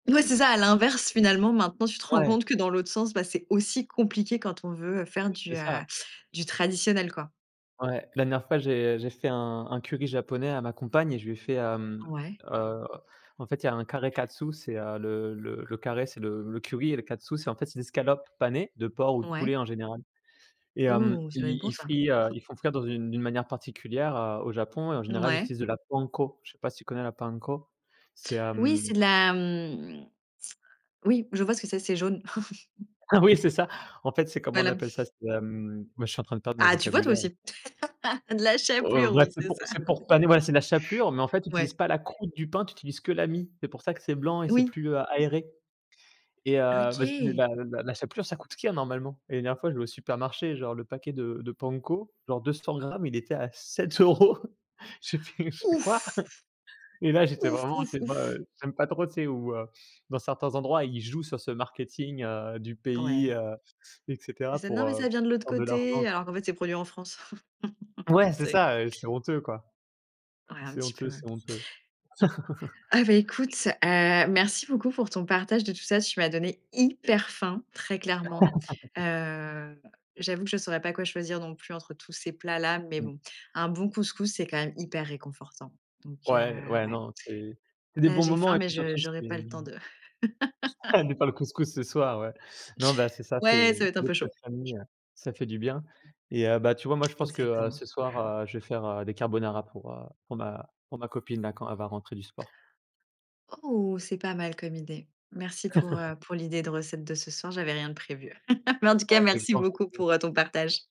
Ouais, c'est ça, à l'inverse, finalement, maintenant, tu te rends Ouais. compte que, dans l'autre sens, bah, c'est aussi compliqué quand on veut, heu, faire Ouais, du, c'est heu, ça. du traditionnel, quoi. Ouais, la dernière fois j'ai, heu, j'ai fait un un curry japonais à ma compagne et je lui ai fait, hem, Ouais. heu, en fait, il y a un kare katsu, c'est, heu, le le le kare c'est le le curry et le katsu, c'est en fait des escalopes panées de porc ou de Ouais. poulet en général, et hem, Ouh, ça doit être ils bon, ils ça. frient, heu, ils font frire dans une d'une manière particulière, heu, au Japon et en général il Mouais. utilise de la panko. Je sais pas si tu connais la panko. C'est, Oui, c'est hem de la, hem, oui, je vois ce que c'est c'est jaune. Ah oui, c'est ça! En fait, c'est comment on Voilà. appelle ça? C'est, hem, moi, je suis en train de perdre mon Ah, tu vois? Toi vocabulaire. aussi, de la Heu, chapelure, bref, oui, c'est c'est pour ça. c'est pour paner ouais, c'est la chapelure mais en fait, tu utilises Ouais. pas la croute du pain, tu utilises que la mie. C'est pour ça que c'est blanc et c'est Oui. plus, heu, aéré, et heu, bah, s OK. la la la chapelure ça coûte chère normalement, et la dernière fois je vais au supermarché genre le paquet de de panko. Genre, 200 grammes il était à 7 €. J'ai fait j'ai fait: «Quoi?» Ouf! et là j'étais Ouf, vraiment, tu ouf, sais? Bah ouf. j'aime pas trop, tu sais, où, heu, dans certains endroits ils jouent sur ce marketing, heu, du pays, Ouais. heu, et C'est cetera ça: «Non, pour, mais heu, ça pour vient de l'autre prendre de l'argent, côté», quoi. alors qu'en fait, c'est produit en France, Ouais, tu c'est sais? ça, heu, c'est honteux, quoi. Ouais, un C'est petit peu, honteux, ouais. c'est honteux. Ah bah, écoute, heu, merci beaucoup pour ton partage de tout ça. Tu m'as donné hyper faim, très clairement. Heu, j'avoue que je saurais pas quoi choisir non plus entre tous ces plats-là, mais Mmh. bon, un bon couscous, c'est quand même hyper réconfortant donc heu, Ouais, ouais, ouais, non c'est c'est des là bons j'ai moments faim, et mais puis je surtout j'aurais pas le temps c'est de [unintelligible] pas le couscous ce soir, ouais. Non bah, c'est ça Ouais, ça c'est va être un des peu plats chaud. de famille, ça fait du bien et heu, bah, tu vois? Moi je pense que, heu, Exactement. ce soir, heu, je vais faire, heu, des carbonara pour, heu, pour ma pour ma copine là, quand elle va rentrer du sport. Ouh, c'est pas mal comme idée. Merci pour, heu, pour l'idée de recette de ce soir, j'avais rien de prévu. Mais, en tout cas, merci beaucoup [unintelligible] pour, heu, ton partage.